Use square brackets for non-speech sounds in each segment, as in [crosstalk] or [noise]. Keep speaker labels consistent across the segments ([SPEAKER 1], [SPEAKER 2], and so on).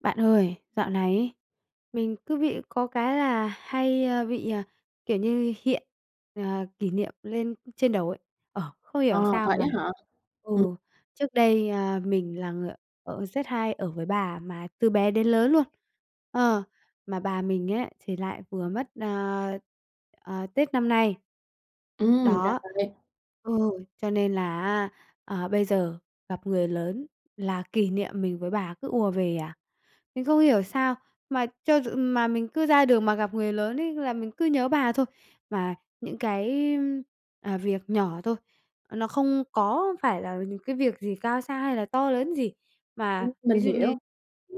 [SPEAKER 1] Bạn ơi, dạo này ấy, mình cứ bị có cái là hay, a, bị, à, kiểu như, hiện, ờ, kỷ niệm lên trên đầu ấy. Ờ, không
[SPEAKER 2] À,
[SPEAKER 1] hiểu sao
[SPEAKER 2] vậy
[SPEAKER 1] mà
[SPEAKER 2] á hả?
[SPEAKER 1] ừ,
[SPEAKER 2] Ừm.
[SPEAKER 1] trước đây, ờ, mình là người ở rất hay ở với bà, mà từ bé đến lớn luôn, ờ, mà bà mình ấy thì lại vừa mất, ờ, ờ, Tết năm nay.
[SPEAKER 2] Ừm, ra
[SPEAKER 1] Đó,
[SPEAKER 2] vậy.
[SPEAKER 1] ừ, cho nên là á, ờ, bây giờ gặp người lớn là kỷ niệm mình với bà cứ ùa về à. Mình không hiểu sao, mà cho dù mà mình cứ ra đường mà gặp người lớn ấy là mình cứ nhớ bà thôi. Mà những cái, ưm, à, việc nhỏ thôi, ờ, nó không có phải là những cái việc gì cao xa hay là to lớn gì.
[SPEAKER 2] Ừm,
[SPEAKER 1] Mà ví
[SPEAKER 2] mình
[SPEAKER 1] dụ như
[SPEAKER 2] hiểu.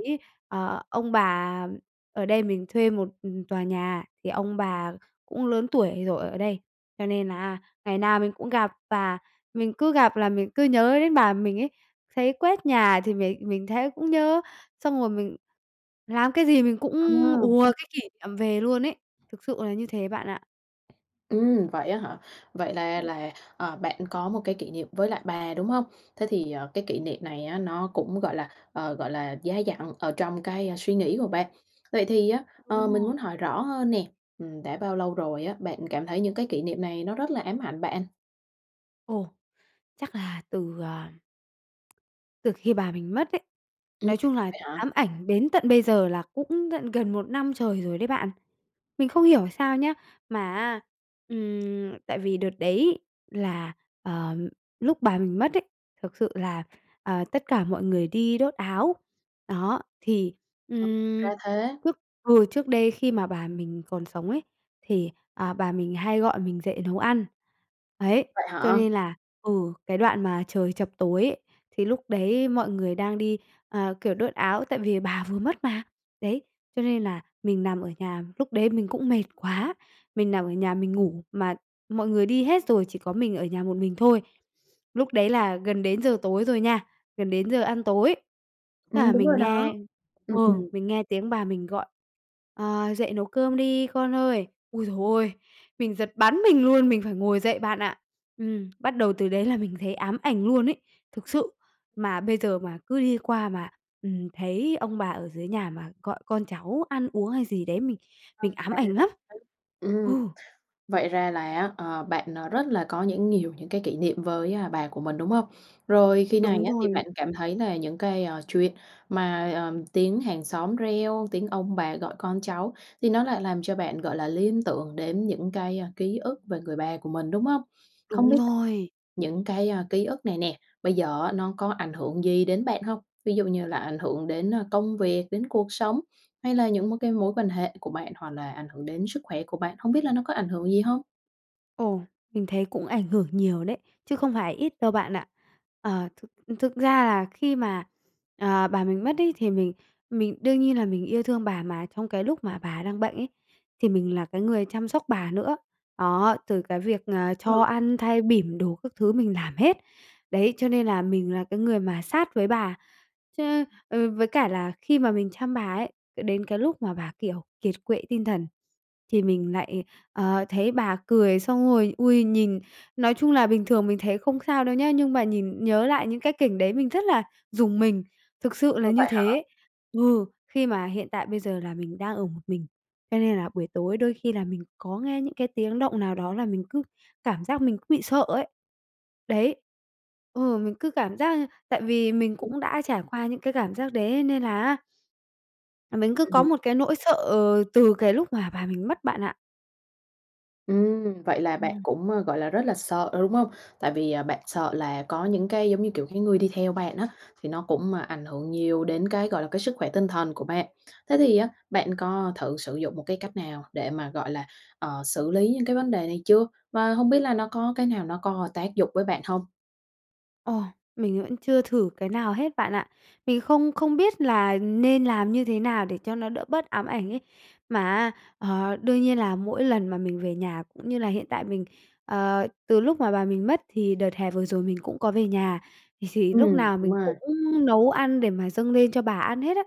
[SPEAKER 1] ấy, ờ, ông bà ở đây mình thuê một, ừm, tòa nhà thì ông bà cũng lớn tuổi rồi ở đây, cho nên là ngày nào mình cũng gặp, và mình cứ gặp là mình cứ nhớ đến bà mình ấy. Thấy quét nhà thì mình mình thấy cũng nhớ, xong rồi mình làm cái gì mình cũng
[SPEAKER 2] À.
[SPEAKER 1] ùa cái kỷ niệm về luôn ấy, thực sự là như thế bạn ạ.
[SPEAKER 2] Ừm, vậy á hả? Vậy là
[SPEAKER 1] Ừm.
[SPEAKER 2] là, ờ, bạn có một cái kỷ niệm với lại bà, đúng hông? Thế thì, ờ, cái kỷ niệm này á nó cũng, gọi là, ờ, gọi là, dai dẳng ở trong cái, ơ, suy nghĩ của bạn. Vậy thì á, ờ,
[SPEAKER 1] Đúng
[SPEAKER 2] mình
[SPEAKER 1] rồi.
[SPEAKER 2] muốn hỏi rõ hơn nè, ừm, đã bao lâu rồi á, bạn cảm thấy những cái kỷ niệm này nó rất là ám ảnh bạn?
[SPEAKER 1] Ồ, chắc là từ, à, từ khi bà mình mất ấy,
[SPEAKER 2] Ừ
[SPEAKER 1] nói chung là
[SPEAKER 2] vậy hả?
[SPEAKER 1] ám ảnh đến tận bây giờ là cũng tận gần 1 năm trời rồi đấy bạn. Mình không hiểu sao nhá, mà, á, ừm, tại vì đợt đấy là, ờm, lúc bà mình mất ấy, thực sự là, ờ, tất cả mọi người đi đốt áo. Đó, thì, ừm,
[SPEAKER 2] Ra thế.
[SPEAKER 1] lúc vừa trước đây khi mà bà mình còn sống ấy, thì, à, bà mình hay gọi mình dậy nấu ăn, ấy,
[SPEAKER 2] Vậy
[SPEAKER 1] cho
[SPEAKER 2] hả?
[SPEAKER 1] nên là ừ, cái đoạn mà trời chập tối ấy, thì lúc đấy mọi người đang đi, ờ, kiểu, đốt áo tại vì bà vừa mất mà, đấy, cho nên là mình nằm ở nhà, lúc đấy mình cũng mệt quá, mình nằm ở nhà mình ngủ mà mọi người đi hết rồi, chỉ có mình ở nhà một mình thôi. Lúc đấy là gần đến giờ tối rồi nha, gần đến giờ ăn tối, thế là
[SPEAKER 2] Ừm, đúng rồi
[SPEAKER 1] mình
[SPEAKER 2] đó,
[SPEAKER 1] nghe ừ,
[SPEAKER 2] ừm.
[SPEAKER 1] mình nghe tiếng bà mình gọi: "Ờ, dậy nấu cơm đi con ơi". Ôi giời ơi, mình giật bắn mình luôn, mình phải ngồi dậy bạn ạ. Ừm, bắt đầu từ đấy là mình thấy ám ảnh luôn ấy, thực sự, mà bây giờ mà cứ đi qua mà, ừm, thấy ông bà ở dưới nhà mà gọi con cháu ăn uống hay gì đấy, mình mình ám ảnh lắm,
[SPEAKER 2] [unintelligible] Ừm.
[SPEAKER 1] ừ!
[SPEAKER 2] Vậy ra là á, ờ, bạn, à, rất là có những nhiều những cái kỷ niệm với, à, bà của mình, đúng không? Rồi khi
[SPEAKER 1] Đúng
[SPEAKER 2] này á thì
[SPEAKER 1] rồi.
[SPEAKER 2] bạn cảm thấy là những cái, a, chuyện mà, ờm, tiếng hàng xóm reo, tiếng ông bà gọi con cháu thì nó lại làm cho bạn, gọi là, liên tưởng đến những cái, ờ, ký ức về người bà của mình, đúng không? Không
[SPEAKER 1] Đúng
[SPEAKER 2] biết l
[SPEAKER 1] rồi!
[SPEAKER 2] những cái, à, ký ức này nè, bây giờ á nó có ảnh hưởng gì đến bạn hông? Ví dụ như là ảnh hưởng đến, ờ, công việc, đến cuộc sống, hay là những mối cái mối quan hệ của bạn, hoặc là ảnh hưởng đến sức khỏe của bạn, hông biết là nó có ảnh hưởng gì hông?
[SPEAKER 1] Ồ, mình thấy cũng ảnh hưởng nhiều đấy, chứ không phải ít đâu bạn ạ. Ờ, thực thực ra là khi mà, ờ, bà mình mất ấy, thì mình mình đương nhiên là mình yêu thương bà, mà trong cái lúc mà bà đang bệnh ấy, thì mình là cái người chăm sóc bà nữa, đó, từ cái việc, ờ, cho ăn, thay bỉm đồ các thứ mình làm hết. Đấy, cho nên là mình là cái người mà sát với bà, cho nên ừ, với cả là khi mà mình chăm bà ấy, ờ, đến cái lúc mà bà, kiểu, kiệt quệ tinh thần, thì mình lại, ờ, thấy bà cười xong rồi, ui, nhìn nói chung là bình thường mình thấy không sao đâu nhá, nhưng mà nhìn nhớ lại những cái cảnh đấy mình rất là rùng mình, thực sự
[SPEAKER 2] Ờ,
[SPEAKER 1] là như
[SPEAKER 2] vậy hả?
[SPEAKER 1] thế. Ừ, khi mà hiện tại bây giờ là mình đang ở một mình, cho nên là buổi tối đôi khi là mình có nghe những cái tiếng động nào đó là mình cứ cảm giác mình cứ bị sợ ấy. Đấy ừ, mình cứ cảm giác như tại vì mình cũng đã trải qua những cái cảm giác đấy ấy, nên là á là mình cứ có
[SPEAKER 2] Ừm.
[SPEAKER 1] một cái nỗi sợ, ờ, từ cái lúc mà bà mình mất bạn ạ.
[SPEAKER 2] Ừm, vậy là bạn
[SPEAKER 1] Ừm.
[SPEAKER 2] cũng, ơ, gọi là, rất là sợ, đúng hông? Tại vì, à, bạn sợ là có những cái, giống như kiểu, cái người đi theo bạn á, thì nó cũng, ơ, ảnh hưởng nhiều đến cái, gọi là, cái sức khỏe tinh thần của bạn. Thế thì á, bạn có thử sử dụng một cái cách nào để mà, gọi là, ờ, xử lý những cái vấn đề này chưa? Và hông biết là nó có cái nào nó có tác dụng với bạn hông?
[SPEAKER 1] Ồ! Mình vẫn chưa thử cái nào hết bạn ạ. Mình không không biết là nên làm như thế nào để cho nó đỡ bớt ám ảnh ấy? Mà á, ờ, đương nhiên là mỗi lần mà mình về nhà, cũng như là hiện tại mình, ờ, từ lúc mà bà mình mất thì đợt hè vừa rồi mình cũng có về nhà, thì thì lúc
[SPEAKER 2] Ừm,
[SPEAKER 1] nào
[SPEAKER 2] đúng
[SPEAKER 1] mình
[SPEAKER 2] rồi.
[SPEAKER 1] cũng nấu ăn để mà dâng lên cho bà ăn hết á,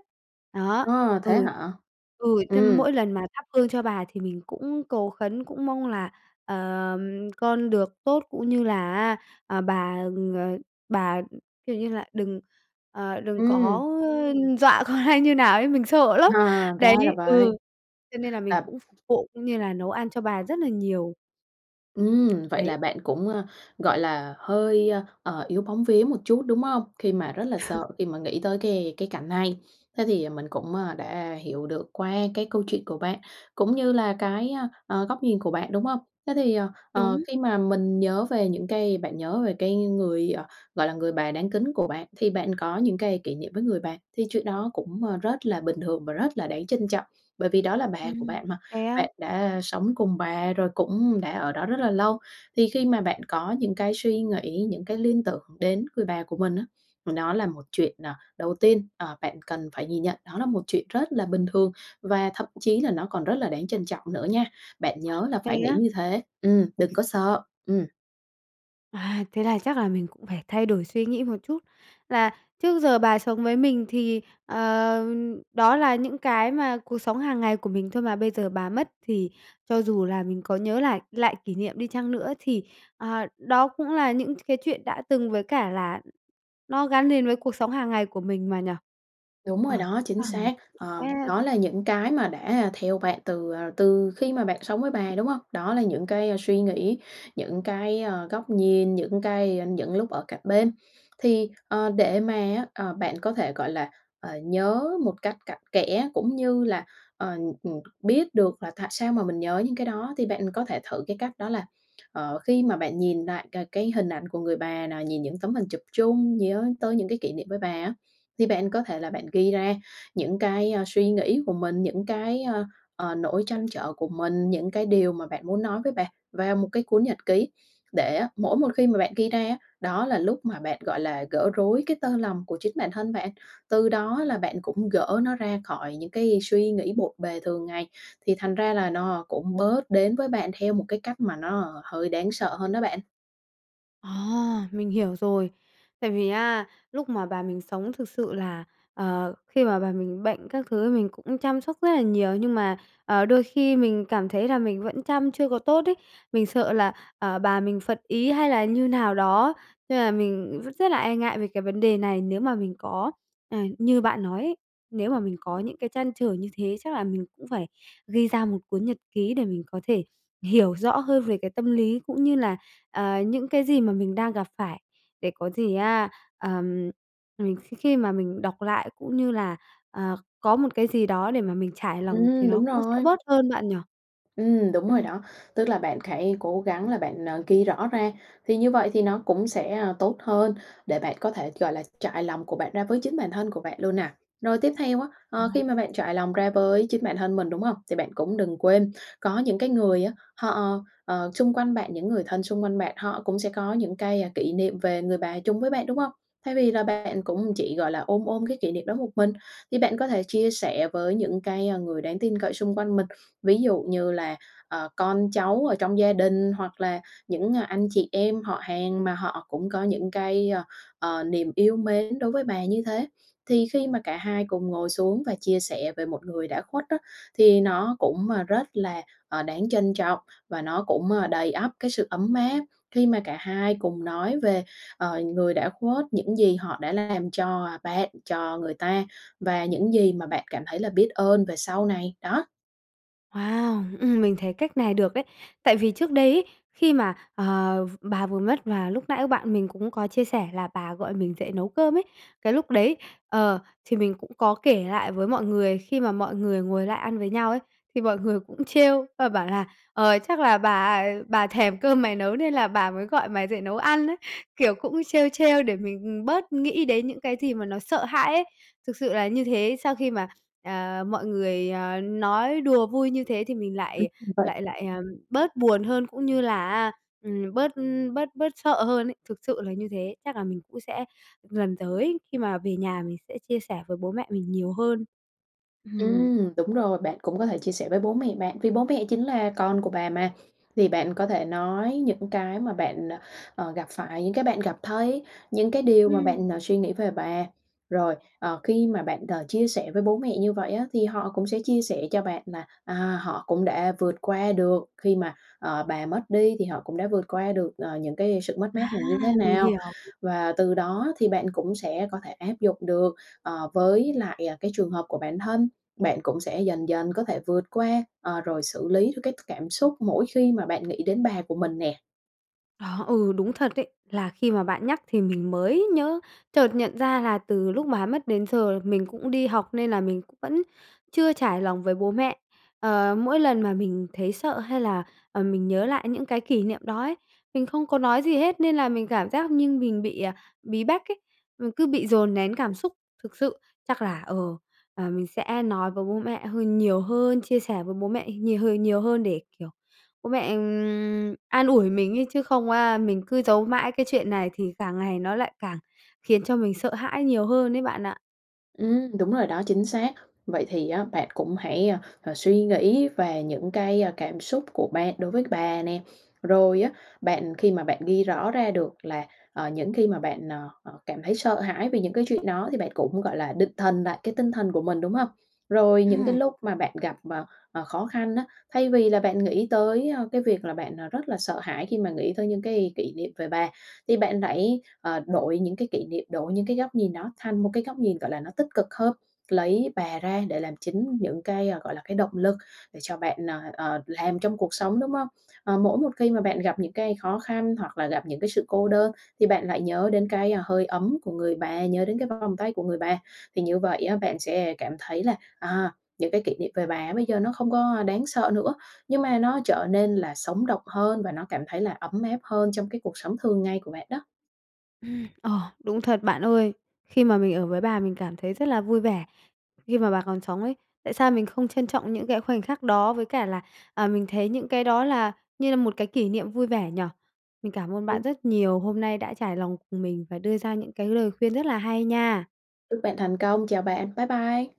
[SPEAKER 1] đó.
[SPEAKER 2] À, thế
[SPEAKER 1] Ừ
[SPEAKER 2] hả?
[SPEAKER 1] ừ, cho
[SPEAKER 2] Ừm.
[SPEAKER 1] mỗi lần mà thắp hương cho bà thì mình cũng cầu khấn, cũng mong là, ờm, con được tốt, cũng như là á, ờ, bà, ờ, bà, ừm, kiểu như là, đừng, ờ, đừng
[SPEAKER 2] Ừm.
[SPEAKER 1] có, ơ, dọa con hay như nào ấy, mình sợ lắm!
[SPEAKER 2] À, ra
[SPEAKER 1] Đấy
[SPEAKER 2] là vậy.
[SPEAKER 1] ừ, cho nên là mình
[SPEAKER 2] Là
[SPEAKER 1] cũng [unintelligible] vụ, cũng như là nấu ăn cho bà rất nà nhiều.
[SPEAKER 2] Ừm, vậy là
[SPEAKER 1] Đấy.
[SPEAKER 2] bạn cũng, à, gọi là, hơi, ờ, yếu bóng vía một chút, đúng hông? Khi mà rất là sợ,
[SPEAKER 1] [laughs]
[SPEAKER 2] khi mà nghĩ tới cái cái cảnh này. Thế thì mình cũng, à, đã hiểu được qua cái câu chuyện của bạn, cũng như là cái, a, à, góc nhìn của bạn, đúng hông? Thế thì, ờ, ờ,
[SPEAKER 1] Đúng.
[SPEAKER 2] khi mà mình nhớ về những cái bạn nhớ về cái người, ờ, gọi là, người bà đáng kính của bạn, thì bạn có những cái kỉ niệm với người bà, thì chuyện đó cũng, ờ, rất là bình thường, và rất là đáng trân trọng. Bởi vì đó là bà của
[SPEAKER 1] Ừm,
[SPEAKER 2] bạn mà,
[SPEAKER 1] thế á?
[SPEAKER 2] bạn đã sống cùng bà, rồi cũng đã ở đó rất là lâu, thì khi mà bạn có những cái suy nghĩ, những cái liên tưởng đến người bà của mình á, mà đó là một chuyện à, đầu tiên, ờ, bạn cần phải nhìn nhận đó là một chuyện rất là bình thường, và thậm chí là nó còn rất là đáng trân trọng nữa nha. Bạn nhớ là
[SPEAKER 1] Thế
[SPEAKER 2] phải nghĩ
[SPEAKER 1] á?
[SPEAKER 2] như thế, ừm, đừng có sợ, ừm.
[SPEAKER 1] À, thế là chắc là mình cũng phải thay đổi suy nghĩ một chút, là trước giờ bà sống với mình thì, ờ, đó là những cái mà cuộc sống hàng ngày của mình thôi mà, bây giờ bà mất thì cho dù là mình có nhớ lại lại kỷ niệm đi chăng nữa thì, ờ, đó cũng là những cái chuyện đã từng, với cả là nó gắn liền với cuộc sống hàng ngày của mình mà nhỉ?
[SPEAKER 2] Đúng
[SPEAKER 1] Ờ
[SPEAKER 2] rồi đó, chính xác.
[SPEAKER 1] [unintelligible] sẽ
[SPEAKER 2] Ờ, đó là những cái mà đã theo bạn từ, ờ, từ khi mà bạn sống với bà, đúng hông? Đó là những cái suy nghĩ, những cái, ờ, góc nhìn, những cái những lúc ở cạnh bên. Thì, ờ, để mà á, ờ, bạn có thể, gọi là, ờ, nhớ một cách cặn kẽ, cũng như là, ờm, ừm, biết được là tại sao mà mình nhớ những cái đó thì bạn có thể thử cái cách đó là, ờ, khi mà bạn nhìn lại c cái hình ảnh của người bà nè, nhìn những tấm hình chụp chung, nhớ tới những cái kỷ niệm với bà á thì bạn có thể là bạn ghi ra những cái, a, suy nghĩ của mình, những cái, ờ, nỗi trăn trở của mình, những cái điều mà bạn muốn nói với bà vào một cái cuốn nhật ký, để á, mỗi một khi mà bạn ghi ra á, đó là lúc mà bạn, gọi là, gỡ rối cái tơ lòng của chính bản thân bạn, từ đó là bạn cũng gỡ nó ra khỏi những cái suy nghĩ bộn bề thường ngày, thì thành ra là nó cũng bớt đến với bạn theo một cái cách mà nó hơi đáng sợ hơn đó bạn.
[SPEAKER 1] À, mình hiểu rồi. Tại vì á, lúc mà bà mình sống thực sự là, ờ khi mà bà mình bệnh các thứ thì mình cũng chăm sóc rất là nhiều, nhưng mà, ờ, đôi khi mình cảm thấy là mình vẫn chăm chưa có tốt ấy, mình sợ là, à, bà mình phật ý hay là như nào đó, nên là mình r rất là e ngại về cái vấn đề này. Nếu mà mình có à, như bạn nói ấy, nếu mà mình có những cái trăn trở như thế chắc là mình cũng phải ghi ra một cuốn nhật ký để mình có thể hiểu rõ hơn về cái tâm lý cũng như là, à, những cái gì mà mình đang gặp phải, để có gì á, ờm, mình kh khi mà mình đọc lại cũng như là, à, có một cái gì đó để mà mình trải lòng thì
[SPEAKER 2] Ừm,
[SPEAKER 1] nó
[SPEAKER 2] đúng
[SPEAKER 1] cũng sẽ
[SPEAKER 2] rồi.
[SPEAKER 1] bớt hơn, bạn nhỉ?
[SPEAKER 2] Ừm, đúng rồi
[SPEAKER 1] Ừm.
[SPEAKER 2] đó, tức là bạn hãy cố gắng là bạn, ờ, ghi rõ ra, thì như vậy thì nó cũng sẽ, a, tốt hơn để bạn có thể, gọi là, trải lòng của bạn ra với chính bản thân của bạn luôn nè. Rồi tiếp theo á, ờ, khi mà bạn trải lòng ra với chính bản thân mình, đúng hông? Thì bạn cũng đừng quên, có những cái người á họ, ờ, xung quanh bạn những người thân xung quanh bạn, họ cũng sẽ có những cái, a, kỷ niệm về người bà chung với bạn, đúng hông? Thay vì là bạn cũng chỉ, gọi là, ôm ôm cái kỷ niệm đó một mình thì bạn có thể chia sẻ với những cái, a, người đáng tin cậy xung quanh mình, ví dụ như là, ờ, con cháu ở trong gia đình hoặc là những, a, anh chị em họ hàng mà họ cũng có những cái, ơ, ờ, niềm yêu mến đối với bà như thế. Thì khi mà cả hai cùng ngồi xuống và chia sẻ về một người đã khuất á thì nó cũng, a, rất là, ờ, đáng trân trọng và nó cũng, ơ, đầy ắp cái sự ấm áp khi mà cả hai cùng nói về, ờ, người đã khuất, những gì họ đã làm cho bạn, cho người ta và những gì mà bạn cảm thấy là biết ơn về sau này, đó.
[SPEAKER 1] Wow, ừm, mình thấy cách này được đấy. Tại vì trước đây ấy, khi mà, ờ, v bà vừa mất, và lúc nãy bạn mình cũng có chia sẻ là bà gọi mình dậy nấu cơm ấy, cái lúc đấy, ờ, thì mình cũng có kể lại với mọi người, khi mà mọi người ngồi lại ăn với nhau ấy, thì mọi người cũng trêu và bảo là "Ờ, chắc là bà bà thèm cơm mày nấu, nên là bà mới gọi mày dậy nấu ăn đấy", kiểu, cũng trêu trêu để mình, ừm, bớt nghĩ đến những cái gì mà nó sợ hãi ấy. Thực sự là như thế, sau khi mà, à, mọi người, à, nói đùa vui như thế thì mình lại
[SPEAKER 2] [unintelligible]
[SPEAKER 1] lại lại, à, bớt buồn hơn, cũng như là á, ừm, bớt, ừm, bớt bớt sợ hơn ấy, thực sự là như thế, chắc là mình cũng sẽ lần tới khi mà về nhà mình sẽ chia sẻ với bố mẹ mình nhiều hơn. Ừm.
[SPEAKER 2] Ừm, đúng rồi, bạn cũng có thể chia sẻ với bố mẹ bạn, vì bố mẹ chính là con của bà mà. Thì bạn có thể nói những cái mà bạn, à, ờ, gặp phải, những cái bạn gặp thấy, những cái điều mà
[SPEAKER 1] Ừm.
[SPEAKER 2] bạn, à, suy nghĩ về bà. Rồi, ờ, khi mà bạn, đ chia sẻ với bố mẹ như vậy á, thì họ cũng sẽ chia sẻ cho bạn là, à, họ cũng đã vượt qua được khi mà, ờ, bà mất đi, thì họ cũng đã vượt qua được, ờ, những cái sự mất mát
[SPEAKER 1] À,
[SPEAKER 2] này như thế
[SPEAKER 1] mình
[SPEAKER 2] nào.
[SPEAKER 1] hiểu.
[SPEAKER 2] Và từ đó thì bạn cũng sẽ có thể áp dụng được, ờ, với lại, ờ, cái trường hợp của bản thân. Bạn cũng sẽ dần dần có thể vượt qua, ờ, rồi xử lý được cái cảm xúc mỗi khi mà bạn nghĩ đến bà của mình nè.
[SPEAKER 1] Đó, ừ, đúng thật đấy. Là khi mà bạn nhắc thì mình mới nhớ. Chợt nhận ra là từ lúc bà mất đến giờ mình cũng đi học nên là mình cũng vẫn chưa trải lòng với bố mẹ. Ờ, mỗi lần mà mình thấy sợ hay là, ờm, mình nhớ lại những cái kỷ niệm đó ấy, mình không có nói gì hết nên là mình cảm giác như mình bị, à, bí bách ấy, ừ, cứ bị dồn nén cảm xúc thực sự. Chắc là, ờ, ờm, mình sẽ nói với bố mẹ hơn nhiều hơn, chia sẻ với bố mẹ nhiều h nhiều hơn để, kiểu, bố mẹ, ừm, an ủi mình ấy chứ không á, mình cứ giấu mãi cái chuyện này thì càng ngày nó lại càng khiến cho mình sợ hãi nhiều hơn ấy bạn ạ.
[SPEAKER 2] Ừm, đúng rồi đó, chính xác. Vậy thì á bạn cũng hãy, a, à, suy nghĩ về những cái, ơ, cảm xúc của bạn đối với bà nè, rồi á bạn khi mà bạn ghi rõ ra được là, ờ, những khi mà bạn, à, à, cảm thấy sợ hãi về những cái chuyện đó thì bạn cũng, gọi là, định thần lại cái tinh thần của mình, đúng không? Rồi những cái
[SPEAKER 1] Ừm.
[SPEAKER 2] lúc mà bạn gặp, ờ, ờ, khó khăn á, thay vì là bạn nghĩ tới, ơ, cái việc là bạn, à, rất là sợ hãi khi mà nghĩ tới những cái kỷ niệm về bà, thì bạn hãy, ờ, đổi những cái kỷ niệm, đổi những cái góc nhìn đó thành một cái góc nhìn, gọi là, nó tích cực hơn. Lấy bà ra để làm chính những cái, à, gọi là, cái động lực để cho bạn, ờ, ờ, làm trong cuộc sống, đúng không? Ờ, mỗi một khi mà bạn gặp những cái khó khăn hoặc là gặp những cái sự cô đơn thì bạn lại nhớ đến cái, a, hơi ấm của người bà, nhớ đến cái vòng tay của người bà. Thì như vậy á, bạn sẽ cảm thấy là, à, những cái kỷ niệm về bà bây giờ nó không có, a, đáng sợ nữa, nhưng mà nó trở nên là sống động hơn và nó cảm thấy là ấm áp hơn trong cái cuộc sống thường ngày của bạn đó.
[SPEAKER 1] Ừm, ờ, đúng thật bạn ơi. Khi mà mình ở với bà mình cảm thấy rất là vui vẻ khi mà bà còn sống ấy. Tại sao mình không trân trọng những cái khoảnh khắc đó với cả là, à, mình thấy những cái đó là như là một cái kỷ niệm vui vẻ nhỉ? Mình cảm ơn
[SPEAKER 2] Ừ.
[SPEAKER 1] bạn rất nhiều hôm nay đã trải lòng cùng mình và đưa ra những cái lời khuyên rất là hay nha.
[SPEAKER 2] Chúc bạn thành công, chào bạn, bái bai.